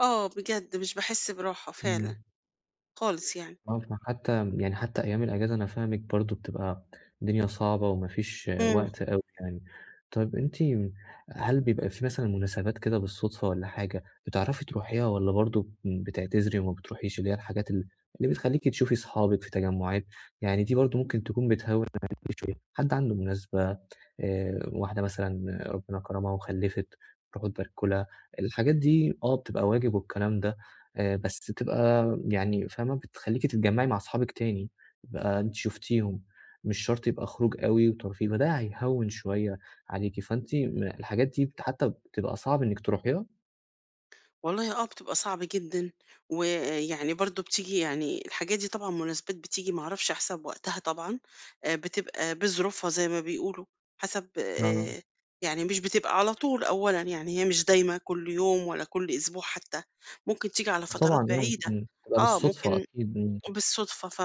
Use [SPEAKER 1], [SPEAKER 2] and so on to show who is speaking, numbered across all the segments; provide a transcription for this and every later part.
[SPEAKER 1] آه، بجد مش باحس براحه
[SPEAKER 2] إمم.
[SPEAKER 1] فعلًا، خالص يعني.
[SPEAKER 2] [unintelligible] حتى يعني حتى أيام الأجازة أنا فاهمِك برضه بتبقى الدنيا صعبة وما فيش
[SPEAKER 1] إمم.
[SPEAKER 2] وقت أوي يعني، طيب أنتِ هل بيبقى في مثلًا مناسبات كده بالصُدفة والّا حاجة بتعرفي تروحيها، والّا برضه بتعتذري وما بتروحيش اللي هي الحاجات اللي بتخليكِ تشوفي صحابِك في تجمُعات، يعني دي برضه ممكن تكون بتهوّن عليكِ شوية، حد عنده مناسبة آآ، واحدة مثلًا ربنا كَرمها وخلّفِت تروحوا تباركوا لها الحاجات دي آه، بتبقى واجب والكلام ده آآ، بس تبقى يعني فاهمة بتخليكِ تتجمعي مع أصحابك تاني بقى أنتٍ شُفتيهم، مش شرط يبقى خروج أوي وترفيه، فده هيهوّن شويّة عليكِ، فأنتِ الحاجات دي حتى بتبقى صعب إنِّك تروحيها؟
[SPEAKER 1] والله آه، بتبقى صعب جدًا، ويعني برضه بتيجي يعني الحاجات دي طبعًا مناسبات بتيجي ما أعرفش حسب وقتها طبعًا، بتبقى بظروفها زي ما بيقولوا، حسب
[SPEAKER 2] آه.
[SPEAKER 1] آآ، يعني مش بتبقى على طول أولًا يعني، هي مش دايمة كل يوم ولا كل أسبوع حتى، ممكن تيجي على
[SPEAKER 2] آه
[SPEAKER 1] فترات
[SPEAKER 2] طبعًا يعني
[SPEAKER 1] بعيدة،
[SPEAKER 2] إمم، تبقى
[SPEAKER 1] آه،
[SPEAKER 2] بالصُدفة
[SPEAKER 1] ممكن
[SPEAKER 2] أكيد، إمم.
[SPEAKER 1] بالصدفة ف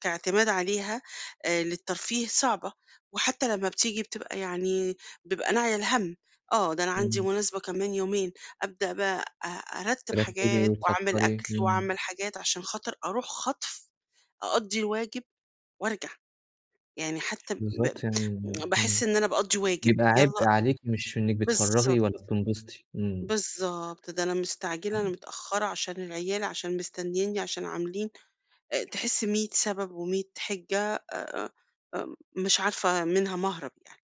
[SPEAKER 1] كاعتماد عليها آآ، للترفيه صعبة، وحتى لمّا بتيجي بتبقى يعني بيبقى ناعية الهَم، آه، ده أنا عندي
[SPEAKER 2] إمم.
[SPEAKER 1] مناسبة كمان يومين، أبدأ بقى أرتّب
[SPEAKER 2] ترتبي
[SPEAKER 1] حاجات وأعمل
[SPEAKER 2] وتفكري،
[SPEAKER 1] أكل
[SPEAKER 2] إمم.
[SPEAKER 1] وأعمل حاجات علشان خاطر أروح خَطف أقضي الواجب وأرجع، يعني حتى ب
[SPEAKER 2] بالضبط يعني
[SPEAKER 1] باحس
[SPEAKER 2] إمم،
[SPEAKER 1] إن أنا باقضي واجب،
[SPEAKER 2] يبقى عبء
[SPEAKER 1] يالّا
[SPEAKER 2] عليكِ مش إنِّك بتفرّغي
[SPEAKER 1] باِلضبط.
[SPEAKER 2] ولا بتنبسطي، إمم.
[SPEAKER 1] بالضبط، ده أنا مستعجلة، أنا
[SPEAKER 2] [unintelligible]
[SPEAKER 1] متأخرة علشان العيال، علشان مستنيني علشان عاملين آآ، تحس 100 سبب و100 حِجّة آآ، مش عارفة منها مَهرَب يعني.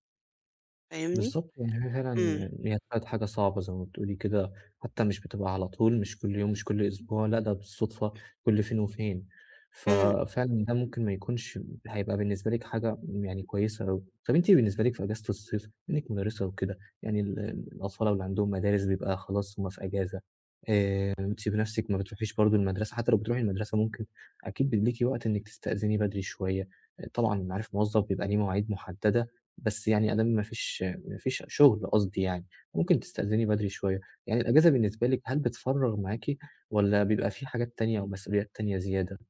[SPEAKER 1] فاهمني؟
[SPEAKER 2] بالضبط، يعني هي
[SPEAKER 1] إمم.
[SPEAKER 2] فعلًا هي بقت حاجة صعبة زي ما بتقولي كده، حتى مش بتبقى على طول مش كل يوم مش كل أسبوع لأ، ده بالصُدفة كل فين وفين،
[SPEAKER 1] إمم.
[SPEAKER 2] ففعلًا ده ممكن ما يكونش هيبقى بالنسبة لكِ حاجة يعني كويسة أوي، طب أنتِ بالنسبة لكِ في إجازة الصيف بما إنِّك مُدَرِّسة وكده، يعني ال الأطفال اللي عندهمُ مدارس بيبقى خلاص هُم في إجازة آآ، أنتِ بنفسِك ما بتروحيش برضه المَدرسة، حتى لو بتروحي المَدرسة ممكن أكيد بيبقى ليكِ وقت إنِّك تستأذني بدري شوية، طبعًا معروف الموظف بيبقى ليه مواعيد مُحددة، بس يعني أدام ما فيش ما فيش شُغل قصدي يعني، ممكن تستأذني بدري شوية، يعني الإجازة بالنسبة لكِ هل بتفرّغ معاكِ، والّا بيبقى في حاجات تانية أو مسؤوليات تانية زيادة؟